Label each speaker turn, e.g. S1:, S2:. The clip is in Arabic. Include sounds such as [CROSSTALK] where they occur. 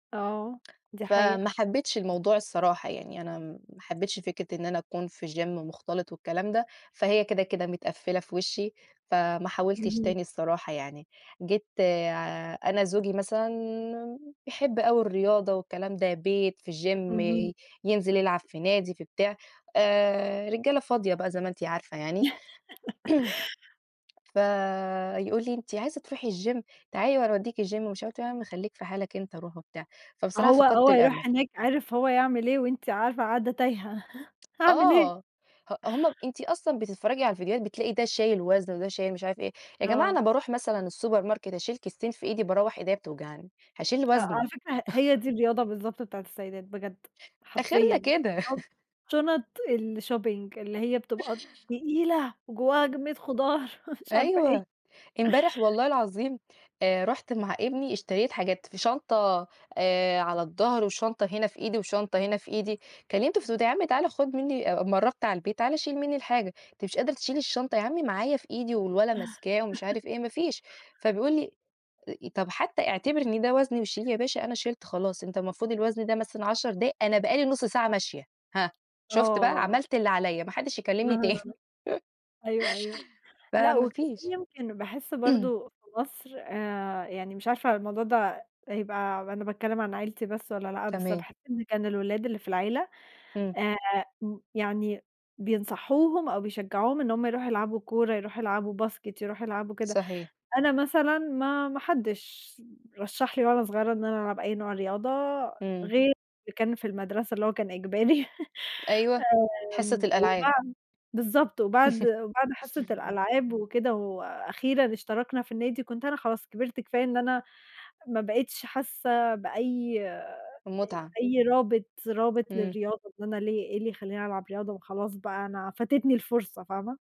S1: آه، دي حقيقة.
S2: فما حبيتش الموضوع الصراحة، يعني أنا ما حبيتش فكرة إن أنا أكون في جيم مختلط والكلام ده، فهي كده، كده متقفِّلة في وشي، فما حاولتش
S1: اهم.
S2: تاني الصراحة يعني، جيت أنا زوجي مثلًا بيحب أوي الرياضة والكلام ده، بيت في جيم
S1: اهم.
S2: ينزل يلعب في نادي في بتاع آآ، رجالة فاضية بقى زي ما أنتِ عارفة يعني. [CLEARS THROAT] فيقول لي أنتِ عايزة تروحي الجيم تعالي وأنا أوديكِ الجيم ومش عارفة إيه، ياعم خليك في حالك أنت روح وبتاع، فبصراحة
S1: هو
S2: فقدت
S1: هو
S2: الأمل.
S1: يروح هناك عارف هو يعمل إيه وأنتِ عارفة قاعدة تايهة، أعمل إيه؟ [CHUCKLES]
S2: آه، ه هم أنتِ أصلًا بتتفرجي على الفيديوهات بتلاقي ده شايل وزن وده شايل مش عارف إيه، يا جماعة أنا
S1: آه.
S2: باروح مثلًا السوبر ماركت أشيل كيستين في إيدي باروّح إيديا بتوجعني، هاشيل
S1: أ
S2: وزن؟
S1: على فكرة ه هي دي الرياضة بالضبط بتاعة السيدات بجد،
S2: آخرنا
S1: حرفيًا
S2: كده.
S1: [UNINTELLIGIBLE]
S2: [LAUGHS]
S1: شنط الshopping اللي هي بتبقى
S2: [LAUGHS]
S1: تقيلة، وجواها كمية خضار ومش عارفة إيه. [CHUCKLES]
S2: أيوه، إمبارح والله العظيم آآ، رُحت مع إبني اشتريت حاجات في شنطة آآ، على الضهر وشنطة هنا في إيدي وشنطة هنا في إيدي، كلّمتُه في التليفون قُلت له يا عم تعالَ خُد مني أمّا قرّبت على البيت تعالَ شيل مني الحاجة، أنتِ مش قادرة تشيلي الشنطة، يا عمي معايا في إيدي والولد ماسكاه ومش عارف إيه، ما فيش فبيقول لي طَب حتى اعتبري إن ده وزن وشيلي يا باشا أنا شِلت خلاص أنت المفروض الوزن ده مثلًا 10 دقايق أنا بقى لي نُصّ ساعة ماشية، هاه؟ شُفت بقى؟
S1: آه.
S2: عملت اللي عليَّ ما حدش يكلِّمني تاني
S1: [UNINTELLIGIBLE] أيوه، أيوه
S2: [LAUGHS]
S1: لأ
S2: فما
S1: وكمان
S2: فيش.
S1: يمكن باحس
S2: [CLEARS THROAT]
S1: برضه في مصر آآ، يعني مش عارفة الموضوع ده يبقى أنا باتكلّم عن عيلتي بس والَّا لأ، بس
S2: تمام.
S1: باحس إن كان الولاد اللي في العيلة
S2: إمم.
S1: آآ، يعني بينصحوهم أو بيشجعوهم إن هم يروحوا يلعبوا كورة، يروحوا يلعبوا basket يروحوا يلعبوا كده،
S2: صحيح.
S1: أنا مثلًا ما ما حدش رشّح لي وأنا صغيرة إن أنا ألعب أي نوع رياضة،
S2: إمم.
S1: غير اللي كان في المدرسة اللي هو كان إجباري، [LAUGHS]
S2: أيوه حصة
S1: آمم،
S2: الألعاب.
S1: وبعد بالضبط وبعد بعد حصة
S2: [LAUGHS]
S1: الألعاب وكده وأخيرًا اشتركنا في النادي، كنت أنا خلاص كبرت كفاية إن أنا ما بقيتش حاسة بأي آآ،
S2: المتعة.
S1: أي رابط رابط
S2: إمم.
S1: للرياضة إن أنا ليه؟ إيه اللي يخليني ألعب رياضة ما خلاص بقى أنا فاتتني الفرصة فاهمة؟